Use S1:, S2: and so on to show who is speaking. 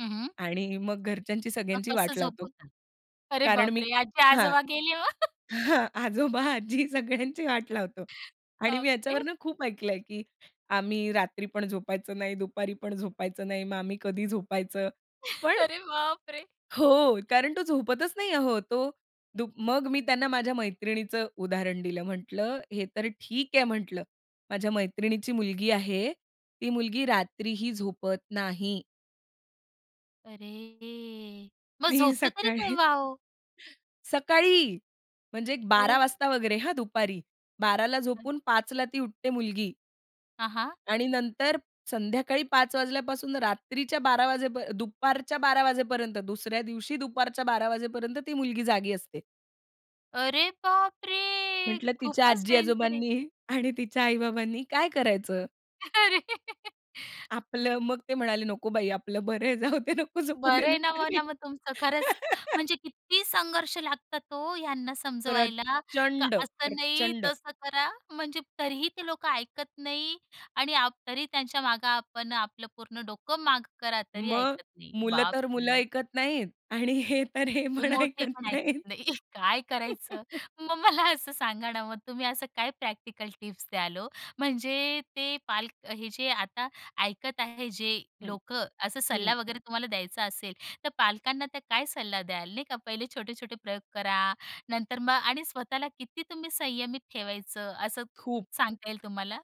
S1: हं, हं.
S2: आणि मग घरच्यांची
S1: मग
S2: सगळ्यांची
S1: कसं
S2: वाट लावतो.
S1: झोपवतात? अरे
S2: कारण मी
S1: बापरे! आजी
S2: हां.
S1: आजोबा गेली हो.
S2: हां. आजोबा, आजी, सगळ्यांची वाट लावतो. आणि मी
S1: बापरे!
S2: याच्यावरून खूप ऐकलं आहे, की आम्ही रात्री पण झोपायचं नाही, दुपारी पण झोपायचं नाही, मग आम्ही कधी झोपायचं, पण
S1: अरे बापरे!
S2: हो, कारण तो झोपतच नाही अहो. तो दु मग मी त्यांना माझ्या मैत्रिणीचं उदाहरण दिलं. म्हटलं, "हे तर ठीक आहे", म्हटलं. "माझ्या मैत्रिणीची मुलगी आहे, ती मुलगी रात्रीही झोपत नाही."
S1: अरे. मग
S2: ती
S1: झोपतो तरी
S2: सकाळी.
S1: केव्हा हो.
S2: सकाळी, म्हणजे एक 12:00
S1: अरे.
S2: वाजता वगैरे हां दुपारी. 12:00ला
S1: हं.
S2: झोपून 5:00ला ती उठते मुलगी.
S1: हां, हां.
S2: आणि नंतर संध्याकाळी 5:00 वाजल्यापासून रात्रीच्या 12:00 वाजेपर दुपारच्या 12:00 वाजेपर्यंत, दुसऱ्या दिवशी दुपारच्या 12:00 वाजेपर्यंत, ती मुलगी जागी असते.
S1: अरे बापरे,
S2: म्हटलं, "तिच्या
S1: खूपच
S2: आजी
S1: डेंजर आहे.
S2: आजोबांनी आणि तिच्या आई बाबांनी काय करायचं?"
S1: अरे.
S2: आपलं, मग ते म्हणाले, "नको बाई आपलं बरं आहे जाऊदे, नको झोपु दे
S1: बरं आहे ना,
S2: दुपारी."
S1: म्हणा मग तुमचं खरंच. म्हणजे किती संघर्ष लागतात हो ह्यांना समजवायला. का
S2: प्रचंड,
S1: असं नाही,
S2: प्रचंड.
S1: तसं करा. म्हणजे तरीही ते लोकं ऐकत नाही आणि आप तरी त्यांच्या मागे आपण आपलं पूर्ण डोकं माग करा, तरी
S2: मग
S1: ऐकत नाही.
S2: मुलं तर मुलं
S1: बापरे!
S2: ऐकत नाहीत. आणि हे तर, हे
S1: हे
S2: पण
S1: मोठे
S2: ऐकत
S1: पण ऐकत
S2: नाहीत.
S1: नाही. काय करायचं? मग मला असं सांगा ना, मग तुम्ही असं काय प्रॅक्टिकल टिप्स द्याल हो? म्हणजे ते पालक हे जे आता ऐकत आहे, जे
S2: हं,
S1: लोकं, असा
S2: हं.
S1: सल्ला वगैरे तुम्हाला द्यायचा असेल, तर पालकांना त्या काय सल्ला द्याल? नाही का, पहिले छोटे-छोटे प्रयोग करा, नंतर मग आणि स्वतःला किती तुम्ही संयमित ठेवायचं? असं
S2: खूप.
S1: सांगता येईल तुम्हाला.